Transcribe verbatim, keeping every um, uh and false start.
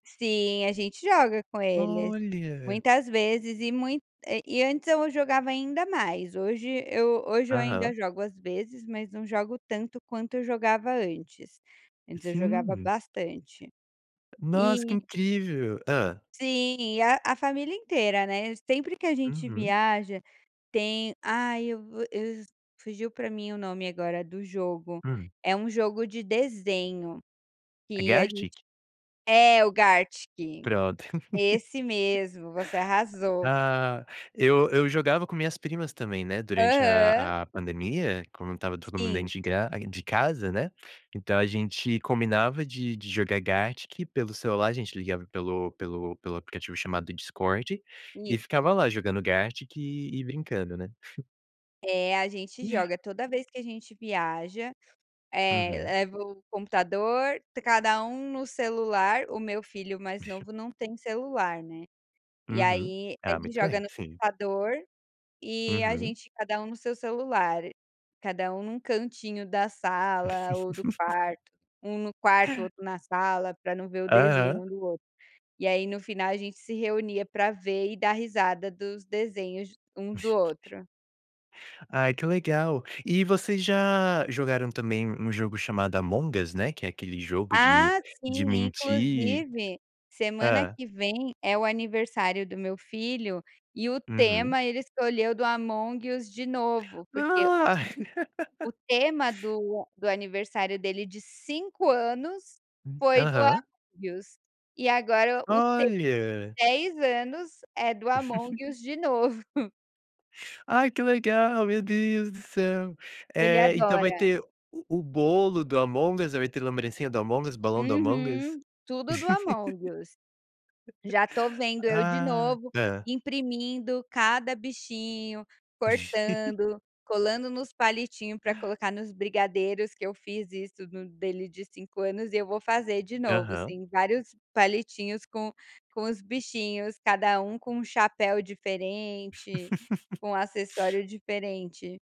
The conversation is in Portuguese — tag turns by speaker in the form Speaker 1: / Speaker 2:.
Speaker 1: Sim, a gente joga com eles,
Speaker 2: Olha.
Speaker 1: muitas vezes e muito eh, e antes eu jogava ainda mais, hoje eu hoje eu ainda
Speaker 2: Aham.
Speaker 1: jogo, às vezes, mas não jogo tanto, quanto eu jogava antes; antes eu jogava
Speaker 2: Sim.
Speaker 1: bastante.
Speaker 2: Nossa, que
Speaker 1: E
Speaker 2: incrível. Hã?
Speaker 1: Sim, e a a família inteira, né, sempre que a gente
Speaker 2: Uhum.
Speaker 1: viaja tem ai, eu vou eu fugiu pra mim o nome agora do jogo;
Speaker 2: Hum.
Speaker 1: é um jogo de desenho,
Speaker 2: É
Speaker 1: que a gente
Speaker 2: Gartic?
Speaker 1: é o Gartic,
Speaker 2: Pronto.
Speaker 1: esse mesmo, você arrasou.
Speaker 2: Ah, eu eu jogava com minhas primas também, né, durante
Speaker 1: Aham.
Speaker 2: à à pandemia, quando estava todo mundo
Speaker 1: Sim.
Speaker 2: denti gra de casa, né. Então a gente combinava de de jogar Gartic pelo celular, a gente ligava pelo pelo pelo aplicativo chamado Discord, e
Speaker 1: Isso.
Speaker 2: ficava lá, jogando Gartic e brincando, né?
Speaker 1: É, a gente joga, toda vez que a gente viaja, eh,
Speaker 2: Uhum.
Speaker 1: leva o computador, cada um no celular, o meu filho mais
Speaker 2: [unintelligible]
Speaker 1: novo não tem celular, né. E
Speaker 2: Uhum.
Speaker 1: aí,
Speaker 2: Ah,
Speaker 1: ele
Speaker 2: muito
Speaker 1: joga
Speaker 2: bem,
Speaker 1: no
Speaker 2: sim.
Speaker 1: computador, e a
Speaker 2: Uhum.
Speaker 1: gente, cada um no seu celular, cada um num cantinho da sala ou do quarto, um no quarto, outro na sala, pra não ver o desenho
Speaker 2: Aham.
Speaker 1: um do outro, e aí no final a gente se reunia para ver e dar risada dos desenhos um do outro.
Speaker 2: Ai, que legal. E vocês já jogaram também um jogo chamado Among Us, né, que é aquele jogo de
Speaker 1: Ah,
Speaker 2: de
Speaker 1: sim,
Speaker 2: mentir?
Speaker 1: inclusive, semana
Speaker 2: Hã?
Speaker 1: que vem é o aniversário do meu filho e o
Speaker 2: Uhum.
Speaker 1: tema ele escolheu do Among Us, de novo, porque
Speaker 2: Ah.
Speaker 1: o tema do do aniversário dele de cinco anos
Speaker 2: Hum,
Speaker 1: foi do
Speaker 2: aham.
Speaker 1: Among Us, e agora o tema
Speaker 2: Olha.
Speaker 1: de dez anos é do Among Us, de novo.
Speaker 2: Ai que legal, meu Deus do céu.
Speaker 1: Ele
Speaker 2: Eh, então vai
Speaker 1: adora.
Speaker 2: ter o o bolo do Among Us, vai ter lembrancinha do Among Us, balão do Among Us?
Speaker 1: Uhum, tudo do Among Us. Já tô vendo eu, de
Speaker 2: Ah,
Speaker 1: novo,
Speaker 2: hã?
Speaker 1: imprimindo cada bichinho, cortando, colando nos palitinho pra colocar nos brigadeiros, que eu fiz isso no dele de cinco anos e eu vou fazer de novo,
Speaker 2: Aham.
Speaker 1: sim, vários palitinhos com com os bichinhos, cada um com um chapéu diferente, com um acessório diferente.